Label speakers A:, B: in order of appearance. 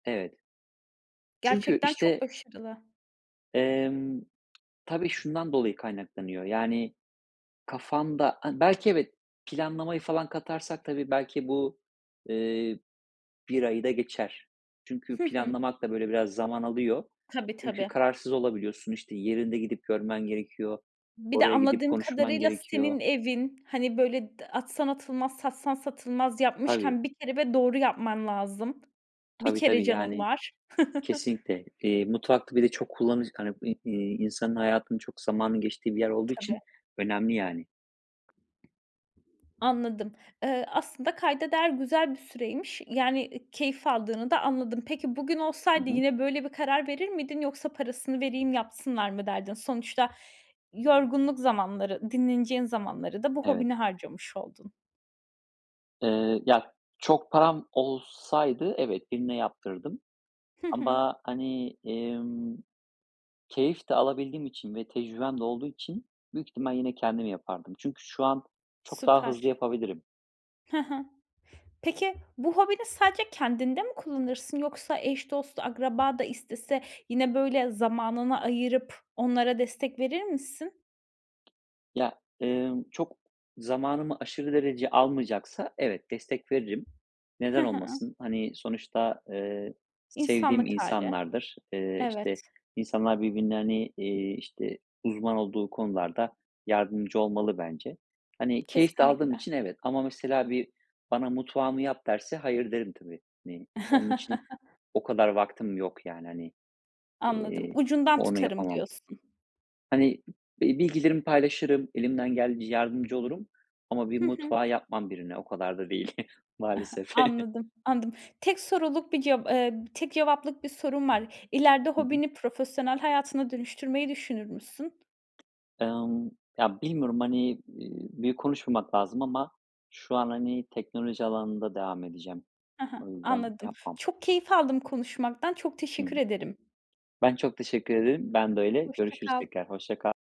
A: Evet. Çünkü
B: Gerçekten çok
A: işte
B: başarılı.
A: Emm, tabii şundan dolayı kaynaklanıyor. Yani kafanda an belki evet, planlamayı falan katarsak tabii belki bu, eee, 1 ayı da geçer. Çünkü
B: Hı hı.
A: planlamak da böyle biraz zaman alıyor.
B: Tabii
A: Çünkü
B: tabii.
A: kararsız olabiliyorsun. İşte, yerinde gidip görmen gerekiyor.
B: Bir de
A: Oraya gidip
B: anladığım
A: konuşman
B: kadarıyla
A: gerekiyor.
B: senin evin, hani, böyle atsan d atılmaz, satsan satılmaz,
A: Tabii.
B: yapmışken bir kere ve doğru yapman lazım. Bir
A: Tabii
B: kere
A: tabii,
B: canın
A: yani,
B: var.
A: kesinlikle, eee, mutfakta bir de çok kullanış hani, iii, iii, insanın hayatının çok zamanın geçtiği bir yer olduğu için
B: Tabii.
A: önemli yani.
B: Anladım. Eee, aslında kayda değer güzel bir süreymiş. Yani, ııı, keyif aldığını da anladım. Peki, bugün
A: Hı
B: olsaydı
A: hı.
B: yine böyle bir karar verir miydin yoksa parasını vereyim yapsınlar mı derdin? Sonuçta yorgunluk zamanları, dinleneceğin zamanları da bu
A: Evet.
B: hobini harcamış oldun.
A: Eee, ya çok param olsaydı, evet, birine yaptırırdım
B: Hı hı.
A: ama, hani, emm, keyif de alabildiğim için ve tecrübem de olduğu için büyük ihtimal yine kendim yapardım. Çünkü şu an çok daha hızlı
B: Süper.
A: yapabilirim.
B: Ha ha. Peki bu hobini sadece kendinde mi kullanırsın? Yoksa eş, dost, akraba da istese yine böyle zamanını ayırıp onlara destek verir misin?
A: Ya, ımm, çok zamanımı aşırı derece almayacaksa evet, destek veririm.
B: Hı
A: Neden
B: hı.
A: olmasın? Hani, sonuçta, ııı, sevdiğim
B: İnsanlık hâli.
A: insanlardır. Iıı,
B: Evet.
A: işte insanlar birbirlerine, hani, iii, işte uzman olduğu konularda yardımcı olmalı bence. Hani, keyif de aldığım
B: Kesinlikle.
A: için evet ama mesela bir bana mutfağımı yap derse hayır derim tabii. Hani, onun için o kadar vaktim yok yani, hani,
B: Anladım.
A: eee,
B: Ucundan
A: o onu
B: tutarım
A: yapamam.
B: diyorsun.
A: Hani, bil bilgilerimi paylaşırım, elimden geldiğince yardımcı olurum ama bir
B: Hı hı.
A: mutfağı yapmam birine, o kadar da değil maalesef.
B: Anladım, anladım. Tek soruluk bir ceva eee, tek cevaplık bir sorum var. İleride
A: Hı hı.
B: hobini profesyonel hayatına dönüştürmeyi düşünür müsün?
A: Emm, ya bilmiyorum, hani, eee, büyük konuşmamak lazım ama şu an, hani, teknoloji alanında devam edeceğim.
B: Ha ha.
A: O yüzden,
B: Anladım.
A: yapmam.
B: Çok keyif aldım konuşmaktan. Çok
A: Hı hı.
B: teşekkür ederim.
A: Ben çok teşekkür ederim. Ben de öyle.
B: Hoşça
A: Görüşürüz
B: kal.
A: tekrar. Hoşça kal.